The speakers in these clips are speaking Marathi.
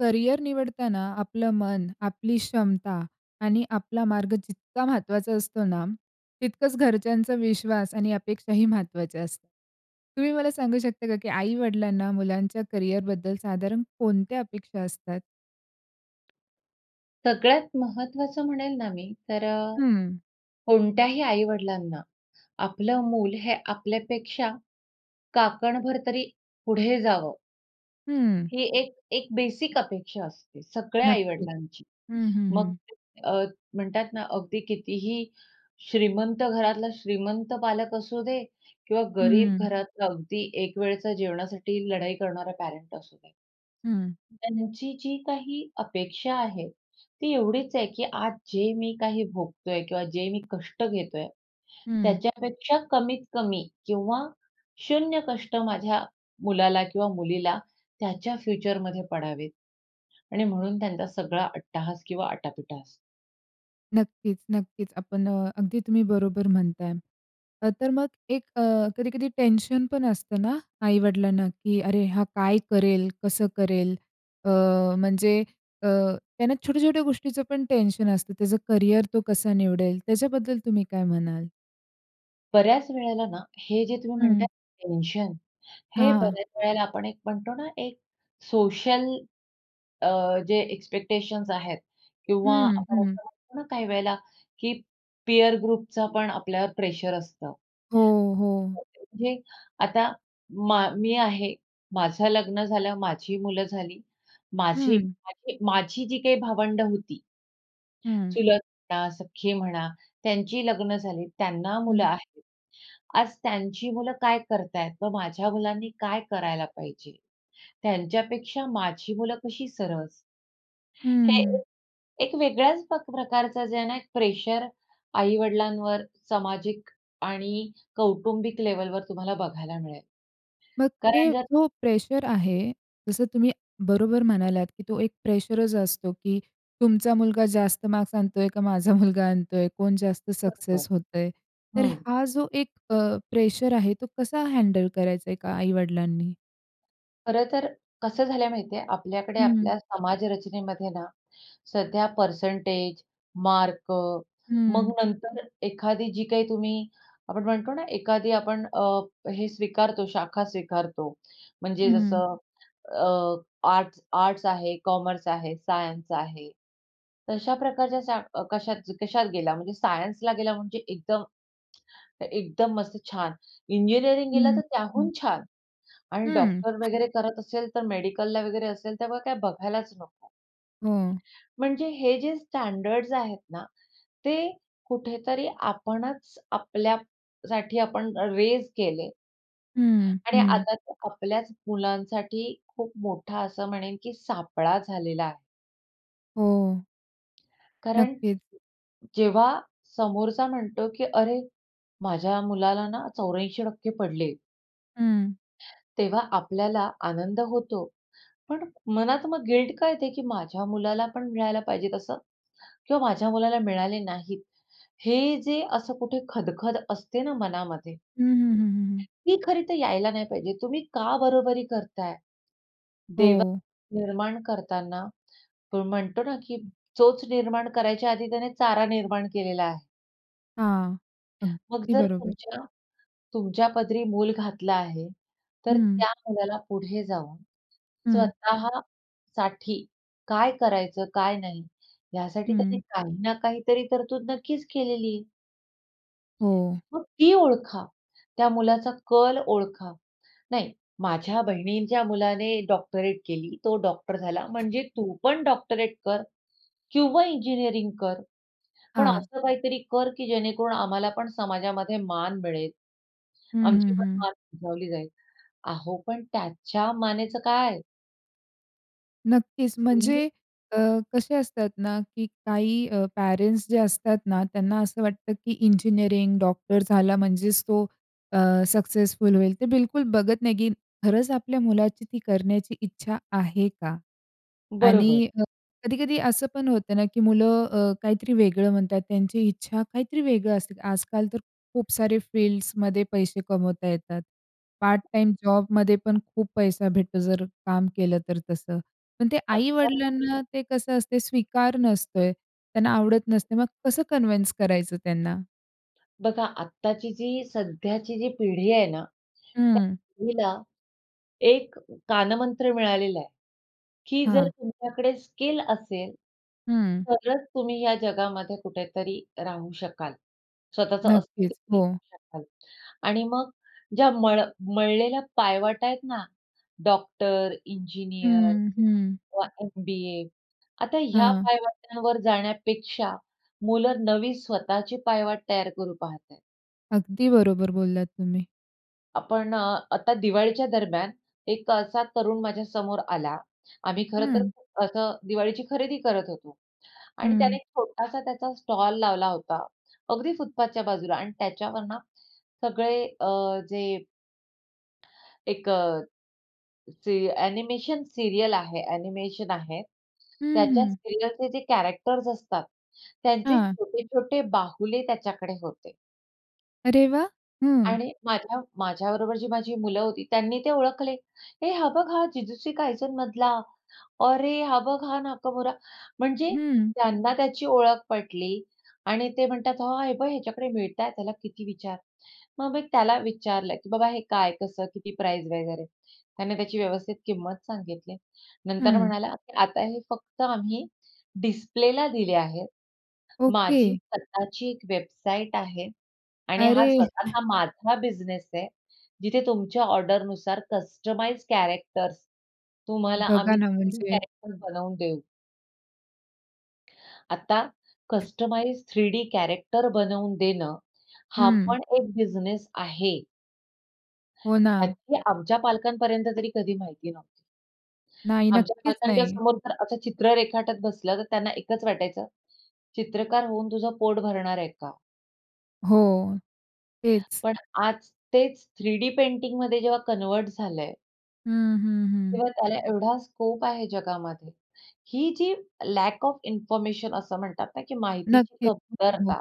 करियर निवडताना आपलं मन, आपली क्षमता आणि आपला मार्ग जितका महत्वाचा असतो ना, तितकंच घरच्यांचा विश्वास आणि अपेक्षाही महत्वाच्या असतात. तुम्ही मला सांगू शकता का की आई-वडिलांना करियरबद्दल साधारण कोणत्या अपेक्षा असतात? सगळ्यात महत्वाचं म्हणेल ना मी तर अ, हं. कोणत्याही आई-वडिलांना आपलं मूल हे आपल्यापेक्षा काकणभर तरी पुढे जावं, हं. ही एक एक बेसिक अपेक्षा असते. सगळ्या नक्कीच. आई-वडिलांची. हं, हं, मग हं. अ, म्हणतात ना, अगदी कितीही श्रीमंत घरातला श्रीमंत पालक असू दे किंवा गरीब हं. घरातला अगदी एक वेळच्या जेवणासाठी लढाई करणारा पॅरेंट असू दे. हं. त्यांची जी काही अपेक्षा आहे, ती एवढीच आहे की आज जे मी काही भोगतोय किंवा जे मी कष्ट घेतोय, हं. त्याच्यापेक्षा कमीत-कमी किंवा शून्य कष्ट माझ्या मुलाला किंवा मुलीला त्याच्या फ्युचरमध्ये पडावेत. आणि म्हणून त्यांचा सगळा अट्टाहास किंवा आटापिटा असतो. नक्कीच, नक्कीच. आपण अ, अगदी तुम्ही बरोबर म्हणताय. अ, तर मग एक अ, कधी-कधी टेन्शन पण असतं ना, आई-वडिलांना, की "अरे हा काय करेल? कसं करेल?" अ, म्हणजे अ, त्यांना छोट्या-छोट्या गोष्टीचंपण टेन्शन असतं, त्याचं करिअर तो कसा निवडेल? त्याच्याबद्दल तुम्ही काय म्हणाल? बऱ्याच वेळेला ना, हे जे तुम्ही म्हणता हं. आहे, टेन्शन, हां, हे हां. बऱ्याच वेळेला आपण एक म्हणतो ना, एक सोशल अ, जे एक्स्पेक्टेशन्स आहेत किंवा हं, आपण हं. असं म्हणतो ना, काही वेळेला की पीअर ग्रुपचा पण आपल्यावर प्रेशर असतं. हो, हो. तर म्हणजे आता मा मी आहे, माझं लग्न झालं, माझी मुलं झाली, माझे हं. माझी माझी जी काही भावंडं होती हं. चुलत म्हणा, सख्खी म्हणा, त्यांची लग्न झाली, त्यांना मुलं हं. आहेत. आज त्यांची मुलं काय करत आहेत व माझ्या मुलांनी काय करायला पाहिजे, त्यांच्यापेक्षा माझी मुलं कशी सरस हे एक, हं. एक वेगळ्याच पक प्रकारचं जे आहे ना, एक प्रेशर आई-वडिलांवर सामाजिक आणि कौटुंबिक लेव्हलवर तुम्हाला बघायला मिळेल. मग ते कारण जर जो प्रेशर आहे, जसं तुम्ही बरोबर म्हणालात, की तो एक प्रेशरच असतो, की तुमचा मुलगा जास्त मार्क्स आणतो आहे, का माझा मुलगा आणतो आहे, कोण जास्त बरोबर. सक्सेस होत आहे. तर हं. हा जो एक अ, प्रेशर आहे तो कसा हँडल करायचा एका आई-वडिलांनी? खरंतर कसं झालं आहे माहिती आहे, आपल्याकडे हं. आपल्या समाजरचनेमध्ये ना, सध्या पर्सेंटेज, मार्क, मग हं. नंतर एखादी जी काही तुम्ही, आपण म्हणतो ना, एखादी आपण अ, हे स्वीकारतो, शाखा स्वीकारतो. म्हणजे हं. जसं अ, आर्ट्स-आर्ट्स आहे, कॉमर्स आहे, सायन्स आहे. तशा प्रकारच्या शा कशा कशात गेला, म्हणजे सायन्सला गेला म्हणजे एकदम, एकदम मस्त छान. इंजिनिअरिंग गेला हं, तर हं. त्याहून छान. आणि हं. डॉक्टर वगैरे करत असेल तर मेडिकलला वगैरे असेल त्यामुळे काय बघायलाच नको. हो. म्हणजे हे जे स्टँडर्ड्स आहेत ना, ते कुठेतरी आपणच आपल्यासाठी आपण रेझ केले. हं, आणि हं. आता तर आपल्याच मुलांसाठी खूप मोठा असं म्हणेन, की सापळा झालेला आहे. हो. कारण, नक्कीच. जेव्हा समोरचा म्हणतो की "अरे, माझ्या मुलाला ना, 84% पडले. हं. तेव्हा आपल्याला आनंद होतो. पण मनात मग गिल्ट का येते, की माझ्या मुलाला पण मिळायला पाहिजे तसं. किंवा माझ्या मुलाला मिळाले नाहीत. हे जे असं कुठे खदखद असते ना, मनामध्ये, हं, हं, हं, हं. ती खरी तर यायला नाही पाहिजे. तुम्ही का बरोबरी करताय? हो. देवानी निर्माण करतांना म्हणतो ना, की चोच निर्माण करायच्या आधी त्याने चारा निर्माण केलेला आहे. हां. मग अगदी जर बरोबर. तुमच्या तुमच्या पदरी मूल घातला आहे, तर हं. त्या मुलाला पुढे जाऊन हं. स्वतः साठी काय करायचं, काय नाही, यासाठी त्याने हं. काही ना काहीतरी तरतूद नक्कीच केलेली. हो. मग ती ओळखा. त्या मुलाचा कल ओळखा. "नाही, माझ्या बहिणींच्या मुलाने डॉक्टरेट केली, तो डॉक्टर झाला, म्हणजे तू पण डॉक्टरेट कर किंवा इंजिनिअरिंग कर. पण हां. असं काहीतरी कर, की जेणेकरून आम्हालापण समाजामध्ये मान मिळेल. हं, हं, आमचीपण हं. मान उंचावली जाईल." अहो, पण त्याच्या मानेचं काय? नक्कीच. तुम्ही म्हणजे अ, कसे असतात ना, की काही अ, पेरेंट्स जे असतात ना, त्यांना असं वाटतं की इंजिनिअरिंग, डॉक्टर झाला म्हणजेच तो अ, सक्सेसफुल होईल. ते बिलकुल बघत नाही, की खरंच आपल्या मुलाची ती करण्याची इच्छा आहे का? बरोबर. आणि कधी-कधी असं पण होतं ना, की मुलं अ, काहीतरी वेगळं म्हणतात, त्यांची इच्छा काहीतरी वेगळं असते. आजकाल तर खूप सारे फील्ड्समध्ये पैसे कमवता येतात. पार्ट-टाईम जॉबमध्ये पण खूप पैसा भेटतो, जर काम केलं तर तसं. पण ते आता आई-वडिलांना, ते कसं असतं, स्वीकार नसतोय. त्यांना आवडत नसते. मग कसं कन्व्हीन्स करायचं त्यांना? बघा आत्ताची जी सध्याची जी पिढी आहे ना. त्या हं. पिढीला एक कानमंत्र मिळालेला आहे, की जर हां. तुमच्याकडे स्किल असेल, हं. तरच तुम्ही या जगामध्ये कुठेतरी राहू शकाल. स्वतःचं अस्तित्व नक्कीच. बनवू हो. शकाल आणि मग ज्या मळ मळलेल्या पायवाटा आहेत ना, डॉक्टर, इंजिनिअर हं, हं. किंवा एम-बी-ए आता ह्या हां. पायवाटांवर जाण्यापेक्षा मुलं नवी स्वतःची पायवाट तयार करू पाहत आहेत. अगदी बरोबर बोललात तुम्ही. आपण अ, आता दिवाळीच्या दरम्यान, एक अ, असा तरुण माझ्या समोर आला. आम्ही खरंतर हं. असं दिवाळीची खरेदी करत होतो. आणि त्याने हं. एक छोटासा त्याचा स्टॉल लावला होता. अगदी फुटपाथच्या बाजूला आणि त्याच्यावर ना, सगळे अ, जे एक अ, जे ॲनिमेशन सीरियल आहे ॲनिमेशन आहे. हं, त्याच्या हं. सीरियलचे जे कॅरेक्टर्स असतात त्यांचे हां. छोटे-छोटे बाहुले त्याच्याकडे होते. अरे वाह! हं. आणि माझ्या माझ्याबरोबर जी माझी मुलं होती, त्यांनी ते ओळखले. "हे, हा बघ, हा जिजूसी कायझन मधला; अरे, हा बघ, हा नाकमोरा." म्हणजे हं. त्यांना त्याची ओळख पटली आणि ते म्हणतात, "हां, हे बघ, ह्याच्याकडे मिळतंय, त्याला किती विचार." मग मी त्याला विचारलं की, "बाबा, हे काय, कसं, किती प्राईस वगैरे?" त्याने त्याची व्यवस्थित किंमत सांगितली. नंतर हं. म्हणाला, "आता हे फक्त आम्ही डिस्प्लेला दिले आहेत, माझी ओके. स्वतःची एक वेबसाईट आहे आणि हा अरे, स्वतःचा माझा बिझनेस आहे, जिथे तुमच्या ऑर्डरनुसार कस्टमाइज्ड कॅरेक्टर्स तुम्हाला बघा आम्ही ना, थ्रीडी म्हणजे कॅरेक्टर बनवून देऊ." आता कस्टमाइज्ड थ्रीडी कॅरेक्टर बनवून देणं, हा हं. पण एक बिझनेस आहे. हो ना. ह्याची आमच्या पालकांपर्यंत तरी कधी माहिती नव्हती. नाही, आमच्या नक्कीच पालकांच्या नाही. समोर जर असं चित्र रेखाटत बसलं, तर त्यांना एकच वाटायचं, "चित्रकार होऊन तुझं पोट भरणार आहे का?" हो, तेच. पण आज तेच थ्रीडी पेंटिंगमध्ये जेव्हा कन्व्हर्ट झालंय हं, हं, हं. किंवा त्याला एवढा स्कोप आहे जगामध्ये. ही जी लॅक ऑफ इंन्फॉरमेशन असं म्हणतात ना, की माहितीची नक्कीच. हो, हो. कमतरता.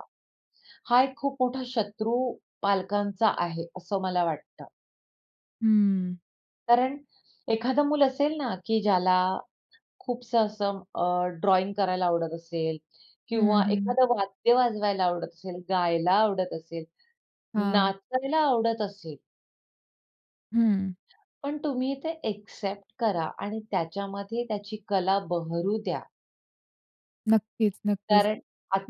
हा एक खूप मोठा शत्रू पालकांचा आहे, असं मला वाटतं. हं. कारण एखादं मूल असेल ना, की ज्याला खूपसं असं अ, ड्रॉइंग करायला आवडत असेल हं, किंवा हं. एखादं वाद्य वाजवायला आवडत असेल, गायला आवडत असेल, हां. नाचायला आवडत असेल हं. पण तुम्ही ते ॲक्सेप्ट करा आणि त्याच्यामध्ये त्याची कला बहरु द्या. नक्कीच, नक्कीच. कारण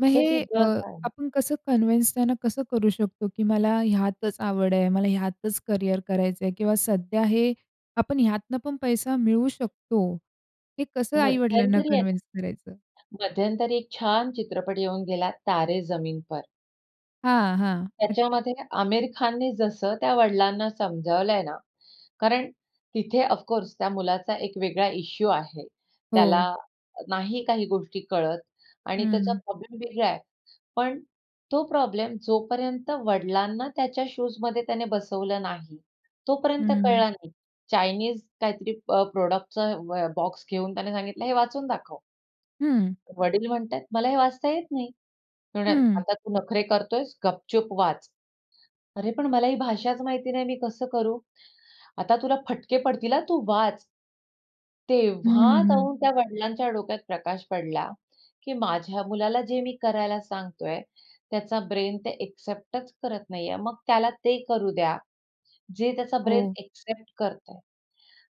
मग जे हे अ, जग आहे आपण कसं कन्व्हिन्स त्यांना कसं करू शकतो? की मला ह्यातच आवड आहे, मला ह्यातच करियर करायचंय किंवा सध्या हे आपण ह्यातनं पण पैसा मिळवू शकतो. हे कसं आई-वडिलांना मध्यंतरी आहे कन्व्हिन्स करायचं? ना मध्यंतरी एक छान चित्रपट येऊन गेला, "तारे जमीन पर." हां, हां. न त्याच्यामध्ये आमिर खानने जसं त्या वडिलांना समजावलंय ना, कारण तिथे ऑफकोर्स त्या मुलाचा एक वेगळा इश्यू आहे. त्याला हो. नाही काही गोष्टी कळत आणि त्याचा हं. प्रॉब्लेम वेगळा आहे. पण तो प्रॉब्लेम जोपर्यंत वडिलांना त्याच्या शूजमध्ये त्याने बसवलं नाही, तोपर्यंत हं. कळला नाही. चाइनीज काहीतरी अ, प प्रॉडक्टचा ब बॉक्स घेऊन त्याने सांगितलं, "हे वाचून दाखव" हं. ...वडील म्हणतायेत, "मला, हे वाचता येत नाही." ते म्हणाले, हं. "आता तू नखरे करतोयस गपचूप वाच." "अरे! पण मला ही भाषाच माहिती नाही, मी कसं करू?" "आता तुला फटके पडतील हा, तू वाच." हं, तेव्हा हं. जाऊन त्या वडिलांच्या डोक्यात प्रकाश पडला, की माझ्या मुलाला जे मी करायला सांगतोय, त्याचा ब्रेन ते ॲक्सेप्टच करत नाहीये. मग त्याला ते करू द्या, जे त्याचा ब्रेन हो. ॲक्सेप्ट करतंय.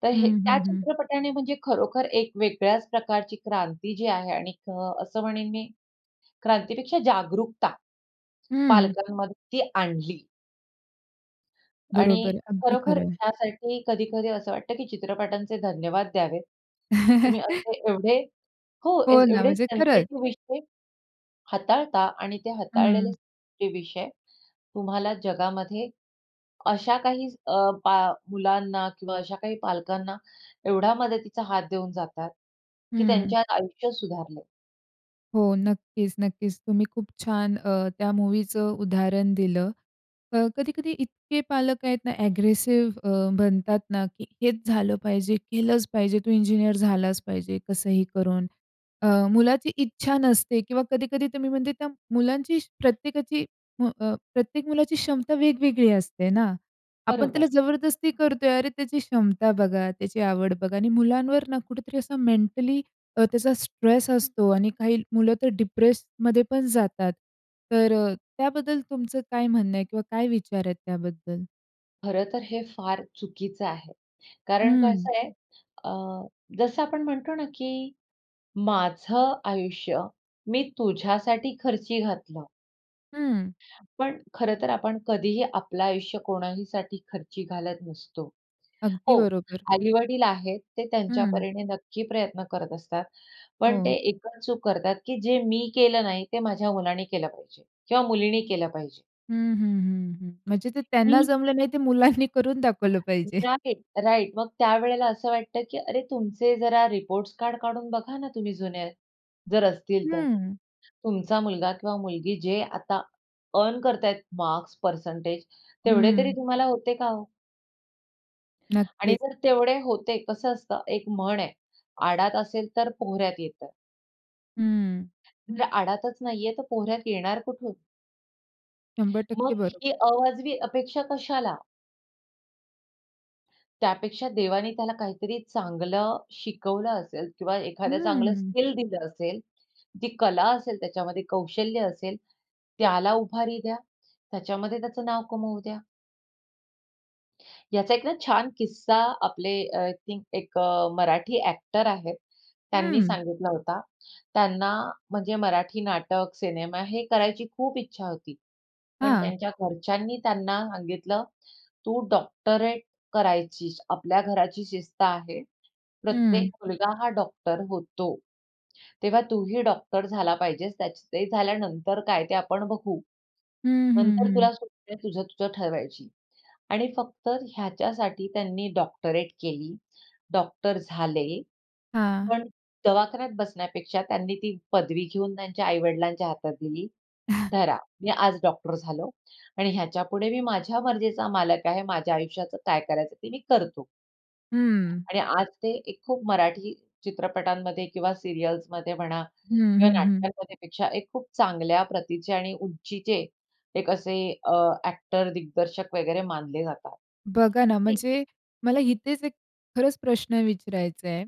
तर हे हं, त्या हं, हं. चित्रपटाने म्हणजे खरोखर एक वेगळ्याच प्रकारची क्रांती जी आहे आणि क असं म्हणेन मी क्रांतीपेक्षा जागरूकता हं. पालकांमध्ये ती आणली. बरोबर आणि अगदी खरोखर खरं आहे. त्यासाठी कधी-कधी असं वाटतं की चित्रपटांचे धन्यवाद द्यावेत. तुम्ही असं एवढे हो, ए हो ना, एवढे म्हणजे खरंच. सेन्सिटिव्ह विषय हाताळता. आणि ते हाताळलेलेच हं. जे विषय तुम्हाला जगामध्ये अशा काही अ, पा मुलांना किंवा अशा काही पालकांना एवढा मदतीचा हात देऊन जातात की हं. त्यांच्यात आयुष्य सुधारलंय. हो, नक्कीच, नक्कीच. तुम्ही खूप छान अ, त्या मूव्हीचं उदाहरण दिलं. अ, कधी-कधी इतके पालक आहेत ना, ॲग्रेसिव्ह अ, बनतात ना, की हेच झालं पाहिजे, केलंच पाहिजे, तू इंजिनिअर झालाच पाहिजे कसंही करून. अ, मुलाची इच्छा नसते किंवा कधी-कधी तुम्ही म्हणजे त्या मुलांची प्रत्येकाची म अ, प्रत्येक मुलाची क्षमता वेगवेगळी असते ना. आपण त्याला बरोबर. जबरदस्ती करतोय, अरे, त्याची क्षमता बघा, त्याची आवड बघा आणि मुलांवर ना, कुठेतरी असा मेंटली अ, त्याचा स्ट्रेस असतो आणि काही मुलं तर डिप्रेस्डमध्ये पण जातात. तर अ, त्याबद्दल तुमचं काय म्हणणं आहे किंवा काय विचार आहेत त्याबद्दल? खरंतर हे फार चुकीचं आहे, कारण हं. कसं आहे अ, जसं आपण म्हणतो ना, की माझं आयुष्य मी तुझ्यासाठी खर्ची घातलं हं. पण खरंतर आपण कधीही आपलं आयुष्य कोणाहीसाठी खर्ची घालत नसतो. अगदी हो, बरोबर. आई-वडील आहेत, ते त्यांच्या हं. परीने नक्की प्रयत्न करत असतात. पण ते हो. एक अ, चूक करतात, की जे मी केलं नाही, ते माझ्या मुलाने केलं पाहिजे किंवा मुलींनी केलं पाहिजे. हं, हं, हं, हं. म्हणजे ते त्यांना मी जमलं नाही, ते मुलांनी करून दाखवलं पाहिजे. Right, right. मग त्यावेळेला असं वाटतं, की अरे तुमचे जरा रिपोर्टस कार्ड काढून बघा ना, तुम्ही जुने, जर असतील तर. हं. तुमचा मुलगा किंवा मुलगी जे आता अर्न करत आहेत मार्क्स, परसेंटेज, तेवढे तरी हं. तुम्हाला होते का हो? आणि नक्कीच. जर तेवढे होते, कसं असतं एक म्हण आहे, "आडात असेलतर पोहऱ्यात येतं." हं. म्हणजे आडातच नाही आहे, तर पोहऱ्यात येणार कुठून? 100% मग बरोबर. ही अवाजवी अपेक्षा कशाला? त्यापेक्षा देवाने त्याला काहीतरी चांगलं शिकवलं असेल किंवा एखादं चांगलं हम्म. स्किल दिलं असेल, ती कला असेल त्याच्यामध्ये कौशल्य असेल, त्याला उभारी द्या, त्याच्यामध्ये त्याचं नाव कमवू द्या. याचा एक ना, छान किस्सा आपले अ, आय थिंक अ, एक मराठी ॲक्टर आहेत. त्यांनी हं. सांगितला होता. त्यांना म्हणजे मराठी नाटक, सिनेमा हे करायची खूप इच्छा होती. पण हां. त्यांच्या घरच्यांनी त्यांना सांगितलं "तू डॉक्टरेट करायचीस. आपल्या घराची शिस्त आहे, प्रत्येक हं. मुलगा हा डॉक्टर होतो. तेव्हा तूही डॉक्टर झाला पाहिजेस. त्याच ते झाल्यानंतर काय ते आपण बघू. हं, हं, नंतर हं. तुला सूट आहे तुझं, तुझं ठरवायची." आणि फक्त ह्याच्यासाठी त्यांनी डॉक्टरेट केली. डॉक्टर झाले. हां. पण दवाखान्यात बसण्यापेक्षा त्यांनी ती पदवी घेऊन त्यांच्या आई-वडिलांच्या हातात दिली "धरा, मी आज डॉक्टर झालो आणि ह्याच्यापुढे मी माझ्या मर्जीचा मालक आहे, माझ्या आयुष्याचं काय करायचं ते मी करतो." हं. आणि आज ते एक खूप मराठी चित्रपटांमध्ये किंवा सीरियल्समध्ये म्हणा हं, किंवा हं, हं. नाटकांमध्येपेक्षा एक खूप चांगल्या प्रतीचे आणि उंचीचे एक असे अ, ॲक्टर, दिग्दर्शक वगैरे मानले जातात. बघा ना, ते म्हणजे मला इथेच एक खरंच प्रश्न विचारायचा आहे,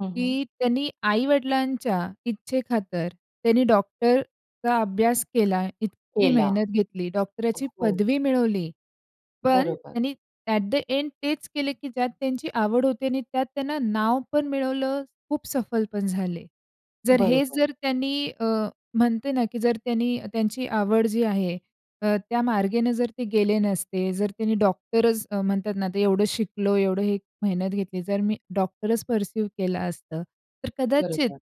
हं, हं. की त्यांनी आई-वडिलांच्या इच्छेखातर त्यांनी डॉक्टरचा अभ्यास केला, इतकी केला. मेहनत घेतली, डॉक्टरची हो. पदवी मिळवली. पण बरोबर. त्यांनी ॲट द एन्ड तेच केले, की ज्यात त्यांची आवड होती. आणि त्यात त्यांना नाव पण मिळवलं. खूप सफल पण झाले. जर हेच बरोबर. जर त्यांनी अ, म्हणते ना, की जर त्यांनी त्यांची आवड जी आहे अ, त्या मार्गेनं जर ते गेले नसते. जर त्यांनी डॉक्टरच, म्हणतात ना, ते एवढं शिकलो एवढं हे, मेहनत घेतली. तर मी डॉक्टरच पर्सिव्ह केलं असतं, तर कदाचित, बरोबर.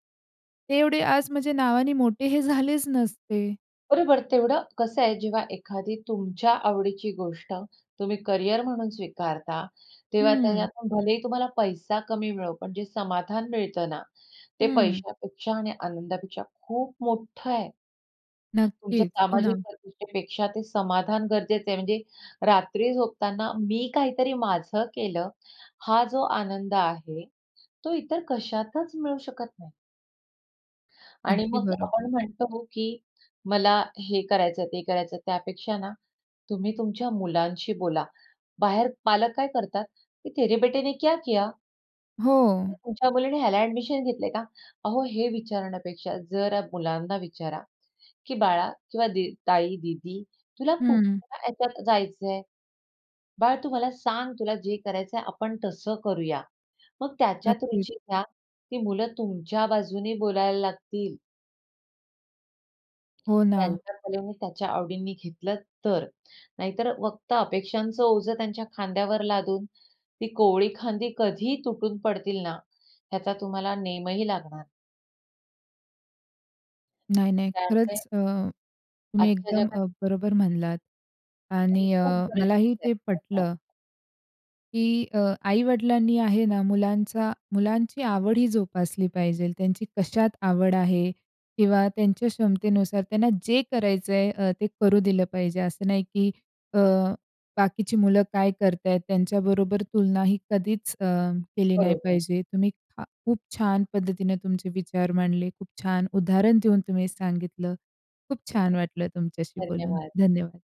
ते एवढे आज म्हणजे नावाने मोठे हे झालेच नसते. बरोबर तेवढं, कसं आहे, जेव्हा एखादी तुमच्या आवडीची गोष्ट तुम्ही करियर म्हणून स्वीकारता, तेव्हा हं. त्याच्यातून, भलेही तुम्हाला पैसा कमी मिळो, पण जे समाधान मिळतं ना, ते हं. पैशापेक्षा आणि आनंदापेक्षा खूप मोठं आहे. तुमच्या नक्कीच, हो सामाजिक ना. प्रतिष्ठेपेक्षा ते समाधान गरजेचं आहे. म्हणजे रात्री झोपताना मी काहीतरी माझं केलं, हा जो आनंद आहे, तो इतर कशातच मिळू शकत नाही. आणि अगदी मग आपण बरोबर. म्हणतो, की "मला हे करायचंय, ते करायचंय," त्यापेक्षा ना, तुम्ही तुमच्या मुलांशी बोला. बाहेर पालक काय करतात, की "तेरे बेटे ने क्या किया?" हो. "तुमच्या मुलीने ह्याला ॲडमिशन घेतलंय का?" अहो हे विचारण्यापेक्षा जरा मुलांना विचारा, की "बाळा किंवा दी ताई, दीदी, तुला हं. कुठल्या ह्याच्यात जायचंय? बाळ तू मला सांग तुला जे करायचंय आपण तसं करूया." मग त्याच्यात नक्कीच. रुची घ्या, "ती मुलं तुमच्या बाजूने बोलायला लागतील." हो ना. त्यांच्या कलेने, त्यांच्या आवडींनी घेतलं तर. नाहीतर फक्त अपेक्षांचं ओझं त्यांच्या खांद्यावर लादून, ती कोवळी खांदी कधीही तुटून पडतील ना, त्याचा तुम्हाला नेमही लागणार नाही. नाही, नाही. त्यामुळे खरंच अ, तुम्ही आजच्या एकदम जगात अ, बरोबर म्हणलात कारण आणि अ, खूप गरजेचं मलाही ते आहे आता. पटलं की अ, आई-वडिलांनी आहे ना, मुलांचा मुलांची आवडही जोपासली पाहिजेल. त्यांची कशात आवड आहे किंवा त्यांच्या क्षमतेनुसार त्यांना जे करायचंय, अ, ते करू दिलं पाहिजे. असं नाही की अ, बाकीची मुलं काय करत आहेत? त्यांच्याबरोबर तुलना ही कधीच अ, केली नाही बरोबर. पाहिजे. तुम्ही छा खूप छान पद्धतीने तुमचे विचार मांडले, खूप छान उदाहरण देऊन तुम्ही सांगितलं. खूप छान वाटलं तुमच्याशी बोलून. धन्यवाद! धन्यवाद!